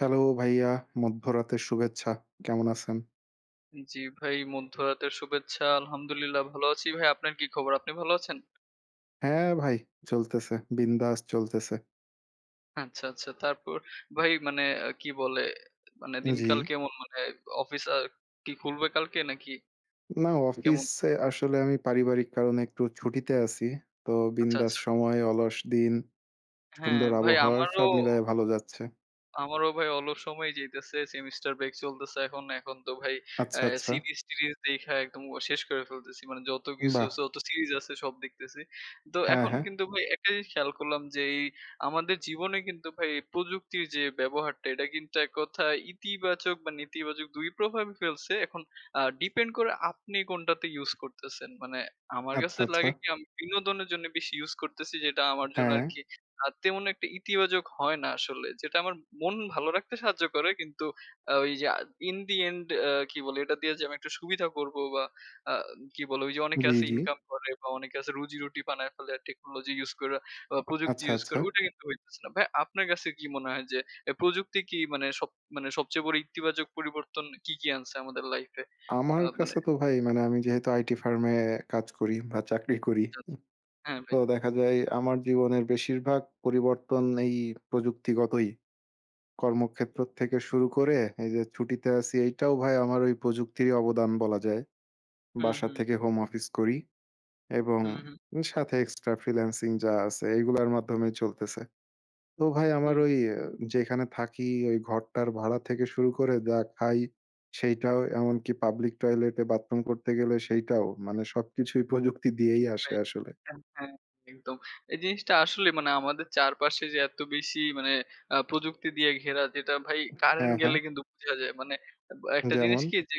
Hello ভাইয়া, মধ্যরাতের শুভেচ্ছা। কেমন আছেন? জি ভাই মধ্যরাতের শুভেচ্ছা। আলহামদুলিল্লাহ ভালো আছি ভাই। আপনার কি খবর? আপনি ভালো আছেন? হ্যাঁ ভাই, চলতেছে। বিন্দাস চলতেছে। আচ্ছা, আচ্ছা। তারপর ভাই মানে কি বলে? মানে উ দিনকাল জি। কেমন? মানে অফিস আ কি খুলবে কালকে নাকি? না কেমন? অফিসে আসলে আমি পারিবারিক কারণে একটু ছুটিতে আছি। তো আচ্ছা, বিন্দাস আচ্ছা। সময়, অলস দিন, হ্যাঁ সুন্দর ভাই আবহাওয়ায়, আমারও সব মিলায়ে ভালো যাচ্ছে। আমারও ভাই অলস সময় যাইতেছে। সেমিস্টার ব্রেক চলতেছে এখন। এখন তো ভাই, আচ্ছা, অ্যা আচ্ছা। সিরিজ-টিরজ দেইখা একদম শেষ করে ফেলতেছি। মানে যত উ কিছু বাহ! যত সিরিজ আছে সব দেখতেছি। তো হ্যাঁ, এখন হ্যাঁ। কিন্তু ভাই একটা জিনিস খেয়াল করলাম, যে আমাদের জীবনে কিন্তু ভাই প্রযুক্তির যে ব্যবহারটা, এটা কিন্তু এককথায় ইতিবাচক বা নেতিবাচক দুই প্রভাবই ফেলছে। এখন আ ডিপেন্ড করে আপনি কোনটাতে ইউস করতেছেন। মানে আমার আচ্ছা, কাছে লাগে আচ্ছা। কি? আমি বিনোদনের জন্য বেশি ইউস করতেছি যেটা আমার জন্য হ্যাঁ। আরকি, আ তেমন একটা ইতিবাচক হয় না আসলে। যেটা আমার মন ভালো রাখতে সাহায্য করে কিন্তু, আ ওই যে আ ইন দি এন্ড এ কি বলে, এটা দিয়ে যে আমি একটা সুবিধা করবো, বা আ কি বলে, ঐ যে অনেকে জি, আছে জি। ইনকাম করে বা অনেকে রুজি-রুটি বানায় ফেলে টেকনোলজি ইউস কইরা, বা প্রযুক্তি আচ্ছা, ইউস আচ্ছা। করে ওটা কিন্তু হইতেছে না। ভাই আপনার কাছে কি মনে হয় যে এ প্রযুক্তি কি মানে সব সবচেয়ে বড় ইতিবাচক পরিবর্তন কি, কি আনছে আমাদের লাইফ এ? আ আমার মানে কাছে তো ভাই, মানে আমি যেহেতু আইটি ফার্ম এ কাজ করি বা চাকরি করি। হ্যাঁ ভাই। তো দেখা যায় আমার জীবনের বেশিরভাগ পরিবর্তন এই প্রযুক্তিগতই। কর্মক্ষেত্র থেকে শুরু করে, এইযে ছুটিতে আছি, এইটাও ভাই আমার ওই প্রযুক্তিরই অবদান বলা যায়। হুম, বাসা হুম। থেকে হোম অফিস করি এবং হুম, হুম। সাথে এক্সট্রা ফ্রিল্যান্সিং যা আছে এইগুলার মাধ্যমেই চলতেছে। তো ভাই আমার হুম। ওই যেখানে থাকি, ওই ঘরটার ভাড়া থেকে শুরু করে, যা খাই সেইটাও, এমনকি পাবলিক টয়লেটে বাথরুম করতে গেলে সেইটাও, মানে সবকিছুই প্রযুক্তি জি দিয়েই ভাই। আসে আসলে। হ্যাঁ, হ্যাঁ। একদম। এই জিনিসটা আসলে মানে আমাদের চারপাশে যে এত বেশি, মানে আ প্রযুক্তি দিয়ে ঘেরা, যেটা ভাই কারেন্ট হ্যাঁ, গেলে হ্যাঁ। কিন্তু বুঝা যায়। মানে একটা জিনিস যেমন? কি যে,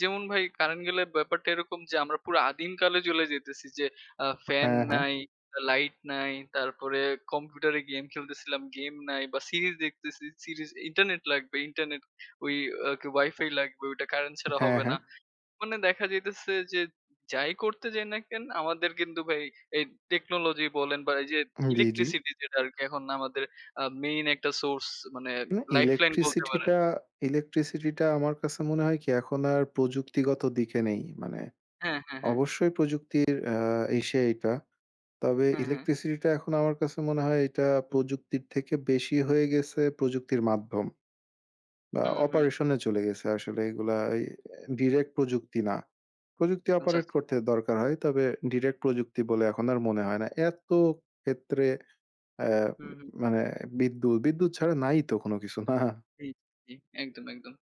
যেমন ভাই কারেন্ট গেলে ব্যাপারটা এরকম, যে আমরা পুরো আদিমকালে চলে যেতেছি, যে আ ফ্যান হ্যাঁ, হ্যাঁ। নাই, লাইট নাই, তারপরে কম্পিউটারে গেম খেলতেসিলাম, গেম নাই বা সিরিজ দেখতেছি, সিরিজ ইন্টারনেট লাগবে। ইন্টারনেট ওই কি, ওয়াইফাই লাগবে, ওইটা কারেন্ট ছাড়া হ্যাঁ, হবে হ্যাঁ। না। মানে দেখা যাইতেছে, যে যাই করতে যাই না কেন, আমাদের কিন্তু ভাই এই টেকনোলজি বলেন বা এইযে উম জ্বী জ্বী। ইলেকট্রিসিটি যেটা আরকি, এখন আমাদের আ মেইন একটা সোর্স, মানে মানে লাইফলাইন বলতে পারেন। ইলেকট্রিসিটিটা ইলেকট্রিসিটিটা আমার কাছে মনে হয় কি? এখন আর প্রযুক্তিগত দিকে নেই। মানে, হ্যাঁ, হ্যাঁ, হ্যাঁ। অবশ্যই প্রযুক্তির আ ইসে এইটা। তবে হ্যাঁ, হ্যাঁ। ইলেকট্রিসিটিটা এখন আমার কাছে মনে হয়, এটা প্রযুক্তির থেকে বেশি হয়ে গেছে, প্রযুক্তির মাধ্যম। বা হুম, হুম। অপারেশনে চলে গেছে আসলে এগুলা এই ডিরেক্ট প্রযুক্তি না। প্রযুক্তি আচ্ছা, অপারেট আচ্ছা। করতে দরকার হয়। তবে ডিরেক্ট প্রযুক্তি বলে এখন আর মনে হয় না। এত ক্ষেত্রে অ্যা ম হুম, হুম। মানে বিদ্যুৎ বিদ্যুৎ ছাড়া নাই তো কোন কিছু। না? জি, জি। একদম, একদম।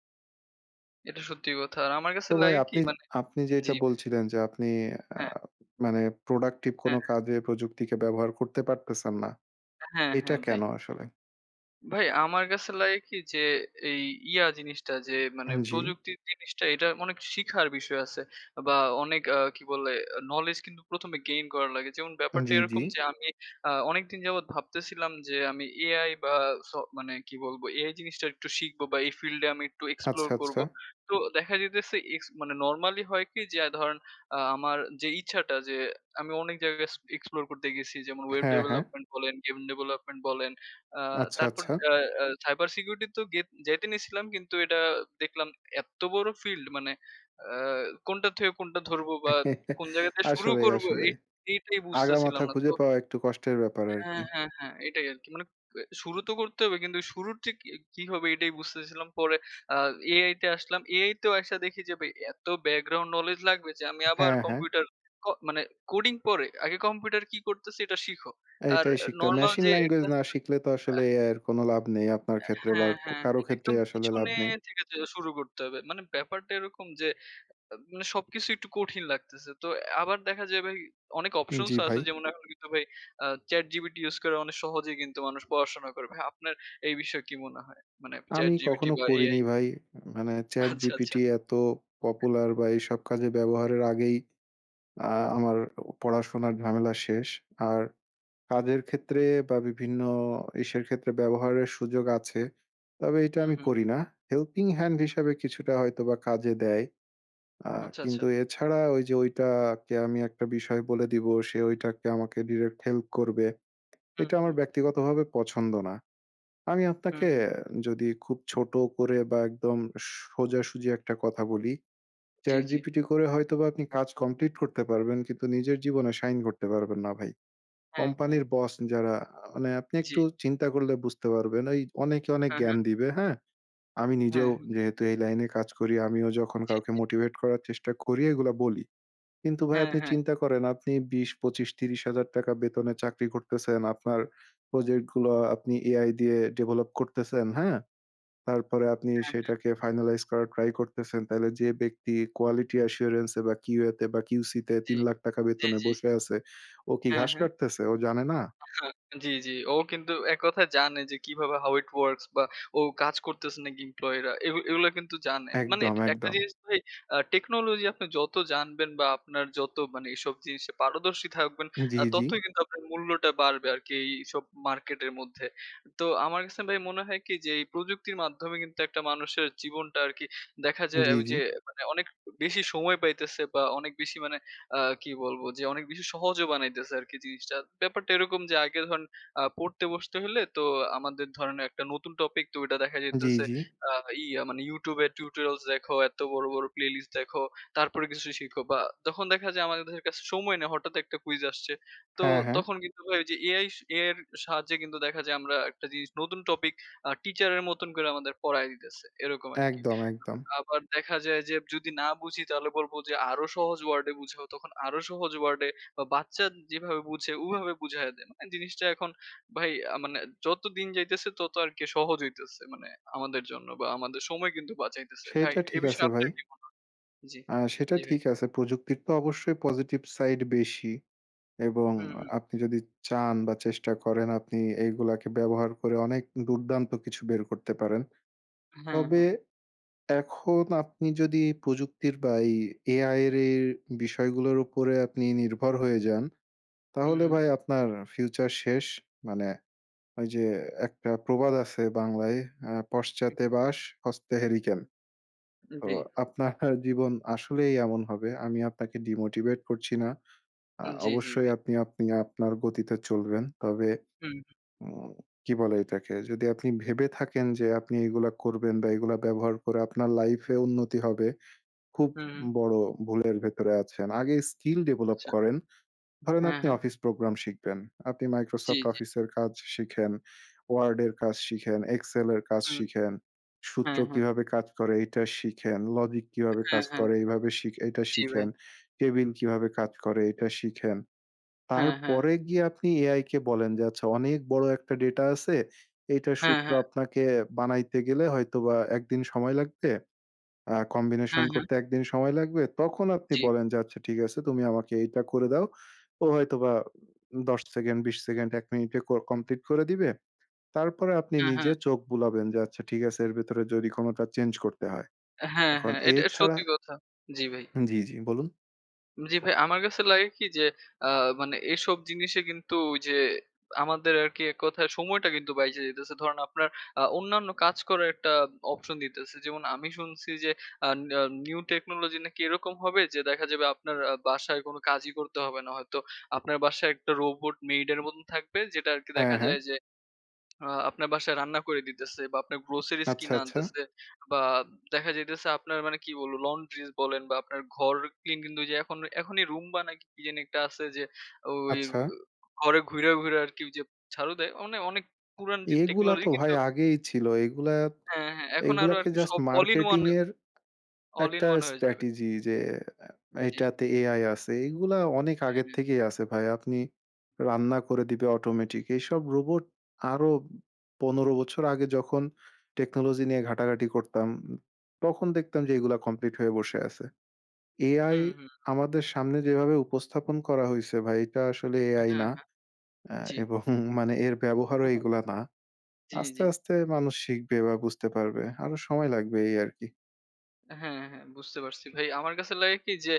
এটা সত্যি কথা। আমার কাছে তো ভাই লাগে কি আপনি আপনি মানে আপনি যেটা জি। বলছিলেন যে আপনি আ হ্যাঁ। মানে প্রোডাক্টিভ কোন হ্যাঁ। কাজে প্রযুক্তিকে ব্যবহার করতে পারতেছেন না। হ্যাঁ, এটা হ্যাঁ, ভাই। কেন আসলে? ভাই আমার কাছে লাগে কি যে, এই ইয়া জিনিসটা যে মানে উম জ্বি। প্রযুক্তির জিনিসটা এটা অনেক শিখার বিষয় আছে বা অনেক আ কি বলে আ নলেজ কিন্তু ১ম এ গেইন করা লাগে। যেমন উম ব্যাপারটা জ্বি, জ্বি। এরকম যে আমি আ অনেকদিন যাবৎ ভাবতেছিলাম যে আমি Ai বা স মানে কি বলব এ জিনিসটা একটু শিখব বা এই ফিল্ডে আমি একটু এক্সপ্লোর আচ্ছা, আচ্ছা। করবো। তো দেখা যাইতেছে এক্স মানে নরমালি হয় কি যে আ ধরেন আ আমার যে ইচ্ছাটা যে আমি অনেক জায়গায় এস এক্সপ্লোর করতে গেছি। যেমন ওয়েব হ্যাঁ, হ্যাঁ। ডেভেলপমেন্ট বলেন, গেম ডেভেলপমেন্ট বলেন। আ আচ্ছা, তারপর আচ্ছা। আ আ সাইবার সিকিউরিটি তো গেত যেতে নিয়েছিলাম কিন্তু এটা দেখলাম এত্ত বড় ফিল্ড মানে আ কোনটা থেকে কোনটা ধরবো বা কোন জায়গাতে শুরু আসলেই করবো আসলে। এ এটাই আগা বুঝতেছিলাম মাথা না। খুঁজে তো পাওয়া একটু কষ্টের ব্যাপার আর হ্যাঁ, কি। হ্যাঁ, হ্যাঁ, এটাই আরকি। মানে ব শুরু তো করতে হবে কিন্তু শুরুর ঠিক ই কি হবে এটাই বুঝতেছিলাম। পরে আ Ai তে আসলাম। Ai তেও এসে দেখে যাবে এত ব্যাকগ্রাউন্ড নলেজ লাগবে যে আমি আবার হ্যাঁ, হ্যাঁ। কম্পিউটার ক মানে কোডিং পরে আগে কম্পিউটার কি করতেছে এটা শিখো। আর এইটাই শিখতে হবে। নরমাল মেশিন যে এটা ল্যাঙ্গুয়েজ না আছে না? শিখলে তো আ আসলে Ai এর কোন লাভ নেই আপনার আ ক্ষেত্রে বা হ্যাঁ, ক হ্যাঁ, কারো হ্যাঁ, ক্ষেত্রে একদম আসলে লাভ পিছনে নেই। থেকে যেয়ে শুরু করতে হবে। মানে ব্যাপারটা এরকম যে আব সবকিছু একটু কঠিন লাগতেছে। তো আ আবার দেখা যায় ভাই অনেক অপশনস জ্বি, ও আছে ভাই। যেমন এখন কিন্তু ভাই আ ChatGPT ইউজ করে অনেক সহজেই কিন্তু মানুষ পড়াশোনা করে। ভাই আপনার এই বিষয়ে কি মনে হয়? মানে আমি ChatGPT কখনো বা Ai? করিনি ভাই। মানে Chat আচ্ছা GPT আচ্ছা। এত পপুলার বা এইসব কাজে ব্যবহারের আগেই আ আমার পড়াশোনার ঝামেলা শেষ। আর কাজের ক্ষেত্রে বা বিভিন্ন ইসের ক্ষেত্রে ব্যবহারের সুযোগ আছে। তবে এটা হুম, আমি হুম। করি না। হেল্পিং হ্যান্ড হুম। হিসাবে কিছুটা হয়তো বা কাজে দেয়। আ আচ্ছা, আচ্ছা। কিন্তু এছাড়া ঐ যে ঐটাকে আমি একটা বিষয় বলে দিবো, সে ঐটাকে আমাকে ডিরেক্ট হেল্প করবে। হুম, এটা আমার হুম। ব্যক্তিগতভাবে পছন্দ না। আমি হুম, আপনাকে হু। আ যদি খুব ছোট করে বা একদম সোজাসুজি একটা কথা বলি। জ্বী, Chat জ্বী। GPT করে হয়তোবা আপনি কাজ কমপ্লিট করতে পারবেন কিন্তু নিজের জীবনে সাইন করতে পারবেন না ভাই। হ্যাঁ, হ্যাঁ। কোম্পানির বস যারা আ মানে আপনি জ্বি। একটু চিন্তা করলে বুঝতে পারবেন এই অনেকে অনেক হ্যাঁ, হ্যাঁ। জ্ঞান দিবে। হ্যাঁ? আমি নিজেও হ্যাঁ, হু। যেহেতু এই লাইনে কাজ করি আমিও যখন জি, কাউকে জি। মোটিভেট করার চেষ্টা করি এগুলা বলি। কিন্তু ভাই হ্যাঁ, আপনি হ্যাঁ। চিন্তা করেন আপনি ২০, ২৫, ৳৩০,০০০ বেতনে চাকরি করতেছেন। আপনার প্রজেক্টগুলো আপনি Ai দিয়ে ডেভেলপ করতেছেন, হ্যাঁ? তারপরে আপনি হ্যাঁ, হ্যাঁ। সেটাকে ফাইনালাইজ করার ট্রাই করতেছেন। তাহলে যে ব্যক্তি কোয়ালিটি অ্যাসুরেন্স বা কিউতে বা কিউসিতে জ্বী, ৳৩,০০,০০০ জ্বী, বেতনে জ্বী। বসে আছে, ও কি হ্যাঁ, ঘাস হ্যাঁ। কাটতেছে? ও জানে না? আ হ্যাঁ, জি, জি। ও কিন্তু এক কথায় জানে যে কিভাবে how it works বা ও কাজ করতেছে নাকি এমপ্লয়ি রা এগু এগুলো কিন্তু জানে। মানে একদম একটা একদম। জিনিস ভাই আ টেকনোলজি আপনি যত জানবেন বা আপনার যত মানে এসব জিনিস পারদর্শী থাকবেন জ্বি, আ জ্বি। ততই কিন্তু আপনার মূল্যটা বাড়বে আরকি এইসব মার্কেটের মধ্যে। তো আমার কাছে ভাই মনে হয় কি যে, এই প্রযুক্তির মাধ্যমে কিন্তু একটা মানুষের জীবনটা আরকি দেখা যায় জ্বী, জ্বী। ঐযে মানে অনেক বেশি সময় পাইতেছে বা অনেক বেশি মানে আ কি বলবো যে অনেক বেশি সহজ বানাইতেছে আরকি জিনিসটা। ব্যাপারটা এরকম যে আগে ধরেন আ পড়তে বসতে হলে তো আমাদের ধরেন একটা নতুন টপিক তো ঐটা দেখা জ্বি, যাইতেছে জ্বি। আ ইয়া মানে YouTube এর টিউটোরিয়ালস দেখো, এত বড়, বড়, প্লে লিস্ট দেখো, তারপরে কিছু শিখো বা তখন দেখা যায় আমাদের [unintelligible] কাছে সময় নেই। হঠাৎ একটা কুইজ আসছে। তো হ্যাঁ, হ্যাঁ। তখন কিন্তু ভাই এই যে Ai Ai এর সাহায্যে কিন্তু দেখা যায় আমরা একটা জিনিস নতুন টপিক আ টিচার এর মতন করে আমাদের পড়ায় দিতেছে। এরকম আরকি। একদম, একদম। আবার দেখা যায় যে যদি না বুঝি তাহলে বলব যে আরো সহজ ওয়ার্ডে বুঝাও তখন আরো সহজ ওয়ার্ডে বা বাচ্চা যেভাবে বুঝে ওভাবে বুঝাইয়া দেয়। জিনিসটা এখন ভাই আ মানে যতদিন যাইতেছে তত আরকি সহজ হইতেছে মানে আমাদের জন্য বা আমাদের সময় কিন্তু বাঁচাইতেছে। ভাই সেইটা এ ঠিক আছে বিষয়ে ভাই। আপনার কী মনে জ্বি, আ সেটা জ্বি ভাই। ঠিক আছে। প্রযুক্তির তো অবশ্যই পজিটিভ সাইড বেশি। এবং হুম, হুম। আপনি যদি চান বা চেষ্টা করেন আপনি এগুলাকে ব্যবহার করে অনেক দুর্দান্ত কিছু বের করতে পারেন। হ্যাঁ, তবে হ্যাঁ। এখন আপনি যদি প্রযুক্তির বা এই Ai এর এই বিষয়গুলোর উপরে আপনি নির্ভর হয়ে যান তাহলে হুম। ভাই আপনার ফিউচার শেষ। মানে ওই যে একটা প্রবাদ আছে বাংলায় আ হু, "পশ্চাতে হু। বাঁশ হস্তে হেরিকেন"। উ তো জ্বী। আপনার জীবন আসলেই এমন হবে। আমি আপনাকে ডিমোটিভেট করছি না। আ উ জ্বী, জ্বী অবশ্যই ভাই। আপনি আপনি আপনার গতিতে চলবেন। তবে হুম। উম কি বলে এটাকে যদি আপনি ভেবে থাকেন যে আপনি এগুলা করবেন বা এগুলা ব্যবহার করে আপনার লাইফ এ উন্নতি হবে। খুব হু, হুম। বড় ভুলের ভেতরে আছেন। আগে স্কিল ডেভেলপ আচ্ছা। করেন। ধরেন হ্যা, আপনি হ্যা। অফিস প্রোগ্রাম শিখবেন। আপনি জ্বী, মাইক্রোসফট জ্বী। অফিসের কাজ শিখেন। ওয়ার্ড এর কাজ শিখেন, এক্সেল এর কাজ হুম। শিখেন, হা, সূত্র হা। কিভাবে কাজ করে এটা শিখেন, লজিক কিভাবে হ্যাঁ, কাজ হ্যাঁ। করে, এইভাবে শিখে এইটা জি, ভাই। শিখেন। কেবিন কিভাবে কাজ করে এটা শিখেন। হ্যাঁ, হ্যাঁ। তারপরে গিয়ে আপনি এআই কে বলেন যে আচ্ছা অনেক বড় একটা ডেটা আছে। এটা হ্যাঁ, সূত্র হ্যাঁ। আপনাকে বানাইতে গেলে হয়তোবা ১ দিন সময় লাগবে। আ কম্বিনেশন হ্যাঁ, হ্যাঁ। করতে ১ দিন সময় লাগবে তখন আপনি জি। বলেন যে আচ্ছা ঠিক আছে তুমি আমাকে এইটা করে দাও। ও হয়তো বা ১০ সেকেন্ড ২০ সেকেন্ড ১ মিনিটে ক কমপ্লিট করে দিবে। তারপরে আপনি হ্যাঁ, হ্যাঁ। নিজে চোখ বুলাবেন যে আচ্ছা ঠিক আছে এর ভেতরে যদি কোনোটা চেঞ্জ করতে হয়। হ্যাঁ, এখন হ্যাঁ, এট এ এটা ছাড়া সত্যি কথা, জি ভাই। হু জ্বী, জ্বী, বলুন? জী, ভাই আমার কাছে লাগে কি যে আ মানে এসব জিনিসে কিন্তু ওইযে আমাদের আরকি এককথায় সময়টা কিন্তু বাইচে যাইতেছে। ধরেন আপনার আ অন্যান্য কাজ করার একটা option দিতেছে। যেমন আমি শুনসি যে আ না new technology নাকি এরকম হবে যে দেখা যাবে আপনার আ বাসায় কোন কাজই করতে হবে না হয়তো আপনার বাসায় একটা robot maid এর মতন থাকবে যেটা আরকি দেখা হ্যাঁ, হ্যাঁ। যায় যে আ আপনার বাসায় রান্না করে দিতেছে বা আপনার groceries আচ্ছা, কিনা আচ্ছা। আনতেছে বা দেখা যাইতেছে আপনার মানে কি বলবো laundries বলেন বা আপনার ঘর clean কিন্তু এইযে এখন এখনি 'Roomba' নাকি কি জানি একটা আছে যে ওই আচ্ছা? ঘরে ঘুইরা-ঘুইরা আরকি ওইযে ঝাড়ু দেয়। ওনে অনেক পুরান টেকনোলজি এগুলাতো ভাই কিন্তু আগেই ছিল। এগুলা হ্যাঁ, হ্যাঁ। এখন আরো এগুলাকে আরকি জাস্ট সব all in one, marketing এর all in একটা one হয়ে যাবে। strategy যে আ জী। এটাতে AI আছে। এগুলা অনেক হ্যাঁ, আগের হ্যাঁ। থেকেই আসে ভাই। আপনি রান্না করে দিবে automatic এইসব robot আরো ১৫ বছর আগে যখন technology নিয়ে ঘাটাঘাটি করতাম, তখন দেখতাম যে এগুলো complete হয়ে বসে আসে। AI হুম, হুম, একদম। আমাদের সামনে যেভাবে উপস্থাপন করা হইছে ভাই এটা আসলে হ্যাঁ, AI না হ্যাঁ। আ জী। এবং মানে এর হু, ব্যবহারও হু। এগুলা না। জী, আস্তে জী। আস্তে মানুষ শিখবে বা বুঝতে পারবে। আরো সময় লাগবে এই আরকি। অ্যাঁ হ্যাঁ, হ্যাঁ। বুঝতে পারছি ভাই। আমার কাছে লাগে কি যে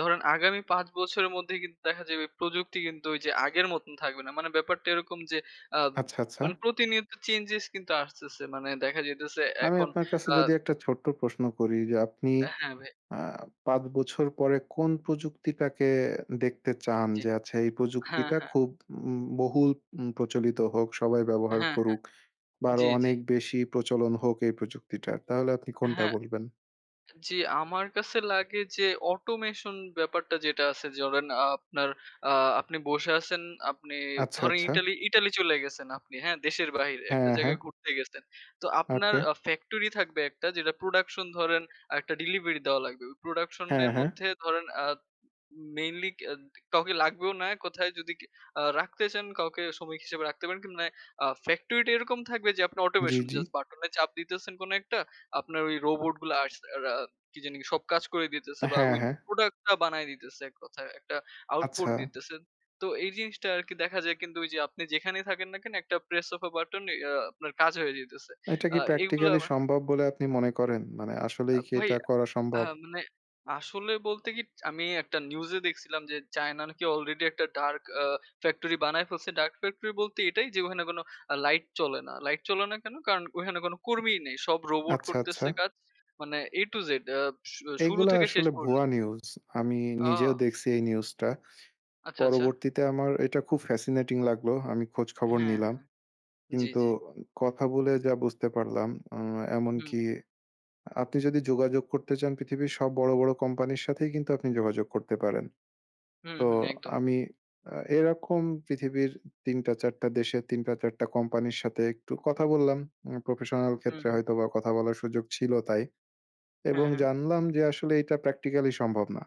ধরেন আগামী ৫ বছরের মধ্যে কিন্তু দেখা যাবে প্রযুক্তি কিন্তু ওই যে আগের মতন থাকবে না। মানে ব্যাপারটা এরকম যে আব আচ্ছা, আচ্ছা। মানে প্রতিনিয়ত চেঞ্জেস কিন্তু আসতেছে। মানে দেখা যাইতেছে আমি এখন আপনার কাছে আ যদি একটা ছোট্ট প্রশ্ন করি যে, আপনি এ হ্যাঁ, ভাই। আ ৫ বছর পরে কোন প্রযুক্তিটাকে দেখতে চান জি। যে, আচ্ছা এই হ্যাঁ, প্রযুক্তিটা হ্যাঁ। খুব ব বহুল প্রচলিত হোক, সবাই ব্যবহার হ্যাঁ, হ্যাঁ। করুক বা আরো জি, জি। অনেক বেশি প্রচলন হোক এই প্রযুক্তিটার। তাহলে আপনি কোনটা হ্যাঁ। বলবেন? জি আমার কাছে লাগে যে অটোমেশন ব্যাপারটা যেটা আছে ধরেন আপনার আ আপনি বসে আছেন আপনি আচ্ছা, ধরেন আচ্ছা। ইতালি ইতালি চলে গেছেন আপনি হ্যাঁ, দেশের বাহিরে একটা হ্যাঁ, হ্যাঁ। জায়গায় ঘুরতে গেছেন। তো আপনার ওকে। ফ্যাক্টরি থাকবে একটা যেটা প্রোডাকশন ধরেন একটা ডেলিভারি দেওয়া লাগবে। প্রোডাকশন হ্যাঁ, এর হ্যাঁ। মধ্যে ধরেন আ উ উম মেইনলি কা কাউকে লাগবেও না, কোথায় যদি কি আ রাখতে চান, কাউকে শ্রমিক হিসেবে রাখতে পারেন মানে ফ্যাক্টরি টা এরকম থাকবে যে আপনি জি, অটোমেশন জি। জাস্ট বাটনে চাপ দিতেছেন কোন একটা আপনার ওই রোবট গুলো আস আ রা কি জানি সব কাজ করে দিতেছে বা হ্যাঁ, ওই হ্যাঁ। প্রোডাক্ট টা বানায় দিতেছে এককথায় একটা আউটপুট আচ্ছা। দিতেছে। তো এই জিনিসটা আরকি দেখা যায় কিন্তু যে আপনি যেখানেই থাকেন না কেন একটা প্রেস ওফ আ বাটন ইয়া আপনার কাজ হয়ে যাইতেছে। এটা আ কি এগুলো প্র্যাকটিক্যাল সম্ভব বলে আপনি মনে করেন? মানে আসলেই আব কি ভাই এটা আ করা সম্ভব? হ্যাঁ, মানে আসলে বলতে কি আমি একটা নিউজে দেখছিলাম যে চায়না নাকি আলরেডি একটা ডার্ক আ ফ্যাক্টরি বানায় ফেলছে। ডার্ক ফ্যাক্টরি বলতে এটাই যে ওখানে কোন অ্যা লাইট চলে না। লাইট চলে না কেন? কারণ ওখানে কোন কর্মীই নেই। সব রোবট আচ্ছা, আচ্ছা। করতেছে কাজ। মানে A to Z আ সু শুরু এইগুলা থেকে শেষ আসলে ভুয়া পর্যন্ত। নিউজ। আমি নিজেও ও! দেখছি এই নিউজটা। আচ্ছা, আচ্ছা। পরবর্তীতে আমার এটা খুব ফ্যাসিনেটিং লাগলো। আমি খোঁজখবর হ্যাঁ, নিলাম। হ্যাঁ। জি, কিন্তু জি। কথা বলে যা বুঝতে পারলাম এম হুম। এমনকি আপনি যদি যোগাযোগ করতে চান পৃথিবীর সব বড়, বড় কোম্পানির সাথেই কিন্তু আপনি যোগাযোগ করতে পারেন। হুম, তো হুম। একদম। আমি আ এরকম পৃথিবীর ৩ টা, ৪ টা দেশের ৩ টা, ৪ টা কোম্পানির সাথে একটু কথা বললাম। উম প্রফেশনাল হুম, ক্ষেত্রে হুম। হয়তোবা কথা বলার সুযোগ ছিল তাই। এবং হ্যাঁ, হ্যাঁ। জানলাম যে আসলে এটা প্র্যাকটিক্যালি সম্ভব না।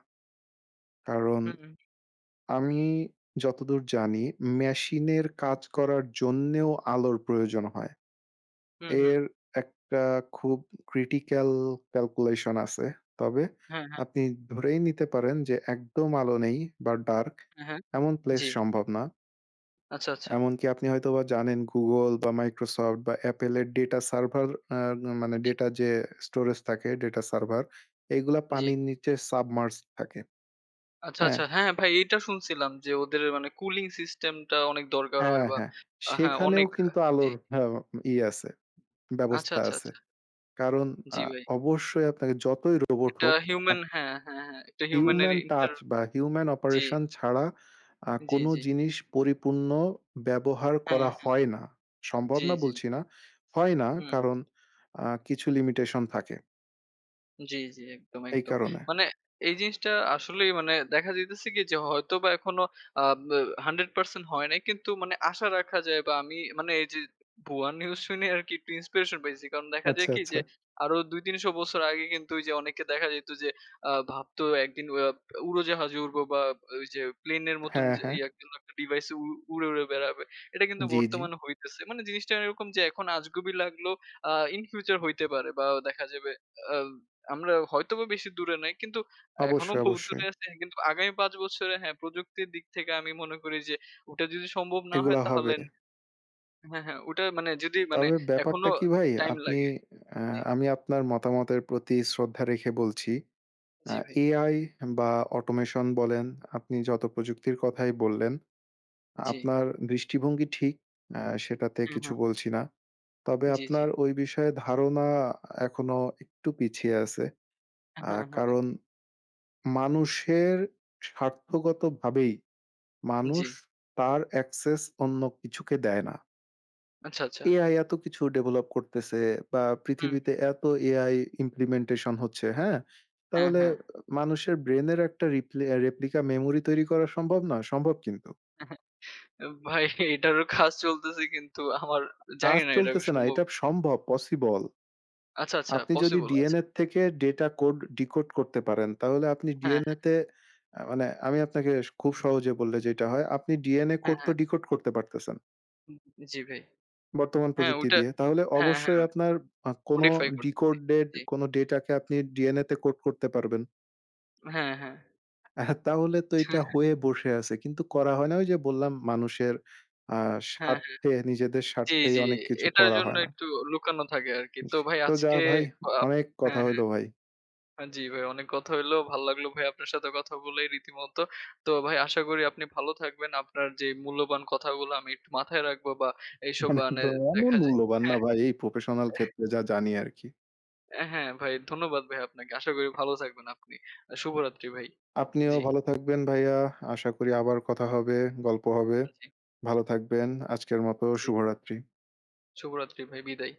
কারণ হুম, হুম। আমি যতদূর জানি মেশিন এর হুম। কাজ করার জন্যেও আলোর প্রয়োজন হয়। হুম, হুম। এর একটা খুব ক্রিটিক্যাল ক্যালকুলেশন আছে। তবে হ্যাঁ, হ্যাঁ। আপনি ধরেই নিতে পারেন যে একদম আলো নেই বা ডার্ক অ্যা হ্যাঁ, এমন প্লেস জি। সম্ভব না। আচ্ছা, আচ্ছা। এমনকি আপনি হয়তোবা জানেন Google বা Microsoft বা Apple এর ডেটা সার্ভার এ না মানে জি। ডেটা যে স্টোরেজ থাকে ডেটা সার্ভার এগুলা জি। পানির নিচে সাবমার্জ থাকে। আচ্ছা, হ্যাঁ? আচ্ছা। হ্যাঁ ভাই এটা শুনছিলাম যে ওদের মানে কুলিং সিস্টেম টা অনেক দরকার হ্যাঁ, হয় বা হ্যাঁ। হ্যাঁ সেখানেও অনেক। কিন্তু জি। আলোর হ ইয়ে আছে, আচ্ছা, ব্যবস্থা আচ্ছা, আছে। আচ্ছা। কারণ আ জি, ভাই। অবশ্যই আপনাকে যতই রোবট একটা হোক আপ হিউমেন হ্যাঁ, হ্যাঁ, হ্যাঁ। একটা হিউম্যান এর হিউমেন ইন্টার টাচ বা হিউম্যান জি। অপারেশন ছাড়া আ জি, কোন জি। জিনিস পরিপূর্ণ ব্যবহার হ্যাঁ, করা হ্যাঁ। হয় না। সম্ভব জি, না জি। বলছি না, হয় না হুম। কারণ আ কিছু লিমিটেশন থাকে। জি, জি, একদম, এই একদম, কারনে। মানে এই জিনিসটা আসলেই মানে দেখা যাইতেছে কি যে হয়তো বা এখনো আ ব্যা 100% হয় নাই কিন্তু মানে আশা রাখা যায় বা আমি মানে এই যে ভুয়া নিউজ শুনে আরকি একটু ইন্সপিরেশন পাইছি। কারণ দেখা যায় আচ্ছা, কি যে, আচ্ছা। আরো ২-৩০০ বছর আগে কিন্তু এই যে অনেকে দেখা যাইত যে আ ভাবতো একদিন উয়াব উড়োজাহাজে উড়বো বা ওই যে প্লেনের মতন হ্যাঁ, যে হ্যাঁ। ইয়া কিংবা একটা ডিভাইস উড় উড়ে, উড়ে বেড়াবে। এটা কিন্তু জি, জি। বর্তমানে হইতেছে। মানে জিনিসটা এরকম যে, এখন আজগবি লাগলেও আ ইন ফিউচার হইতে পারে বা দেখা যাবে আব আমরাও হয়তোবা বেশি দূরে নাই। কিন্তু এখনো অবশ্যই, বহুত দূরে অবশ্যই। আছে কিন্তু আগামী ৫ বছরে হ্যাঁ, প্রযুক্তির দিক থেকে আমি মনে করি যে, ওটা যদি সম্ভব না হয় এগুলা হবে। তাহলে হ্যাঁ, হ্যাঁ, ওটা মানে যদি মানে তবে এখনো ব্যাপারটা কি ভাই? টাইম আপনি লাগে আ আ জি। আমি আপনার মতামতের প্রতি শ্রদ্ধা রেখে বলছি, আ জি, ভাই। এআই বা অটোমেশন বলেন আপনি যত প্রযুক্তির কথাই বললেন, জি। আপনার দৃষ্টিভঙ্গি ঠিক, আ সেটাতে হুম, কিছু হুম। বলছি না। তবে জি, জি। আপনার ওই বিষয়ে ধারণা এখনো একটু পিছিয়ে আছে, আ হ্যাঁ, হ্যাঁ। কারণ মানুষের স্বার্থগতভাবেই মানুষ জি। তার অ্যাক্সেস অন্য কিছুকে দেয় না। আচ্ছা, আচ্ছা। AI এত কিছু ডেভেলপ করতেছে বা হুম। পৃথিবীতে এত AI ইমপ্লিমেন্টেশন হচ্ছে, হ্যাঁ? হ্যাঁ, তাহলে হ্যাঁ। মানুষের ব্রেইনের একটা রিপ্লে রেপ্লিকা মেমোরি তৈরি করা সম্ভব নয়? সম্ভব কিন্তু। ভাই এটারও কাজ চলতেছে কিন্তু আমার জানি কাজ না এটা চলতেছে না, সম্ভব এটা সম্ভব, পসিবল। আচ্ছা, আচ্ছা আপনি যদি পসিবল আচ্ছা। DNA থেকে ডেটা কোড ডিকোড করতে পারেন, তাহলে আপনি হ্যাঁ, DNA হ্যাঁ। তে আ মানে আমি আপনাকে খুব সহজে বললে যেইটা হয় আপনি DNA হ্যাঁ, কোড তো হ্যাঁ। ডিকোড করতে পারতেছেন হু, জি, ভাই। বর্তমান হ্যাঁ প্রযুক্তি ওইটা দিয়ে। তাহলে হ্যাঁ, অবশ্যই হ্যাঁ। আপনার অ কোনো মডিফাই করতেছি। ডিকোডেড জি। কোনো ডেটাকে আপনি DNA তে কোড করতে পারবেন। হ্যাঁ, হ্যাঁ। এহ তাহলে তো এটা হয়ে বসে আছে। কিন্তু করা হয় না। ঐ যে বললাম মানুষের আ হ্যাঁ, হ্যাঁ। স্বার্থে নিজেদের জি, স্বার্থেই জি। অনেক কিছু এটার করা জন্য হয় না। একটু লুকানো থাকে আরকি। জি। তো ভাই তো যা আজকে ভাই, আপ অনেক কথা হ্যাঁ, হইলো ভাই। হ্যাঁ। জি ভাই অনেক কথা হইলো। ভাল লাগলো ভাই আপনার সাথে কথা বলে রীতিমতো। তো ভাই আশা করি আপনি ভালো থাকবেন। আপনার যে মূল্যবান কথাগুলা আমি একটু মাথায় রাখবো বা এইসব মানে মানে একদম এমন দেখা যায় মূল্যবান না হ্যাঁ। ভাই এই প্রফেশনাল ক্ষেত্রে যা জানি আরকি। হ্যাঁ ভাই ধন্যবাদ ভাই আপনাকে। আশা করি ভালো থাকবেন আপনি। শুভরাত্রি ভাই। আপনিও জি। ভালো থাকবেন ভাইয়া। আশা করি আবার কথা হবে, গল্প হবে। জি। ভালো থাকবেন। আজকের মত জি। শুভরাত্রি। শুভরাত্রি ভাই বিদায়।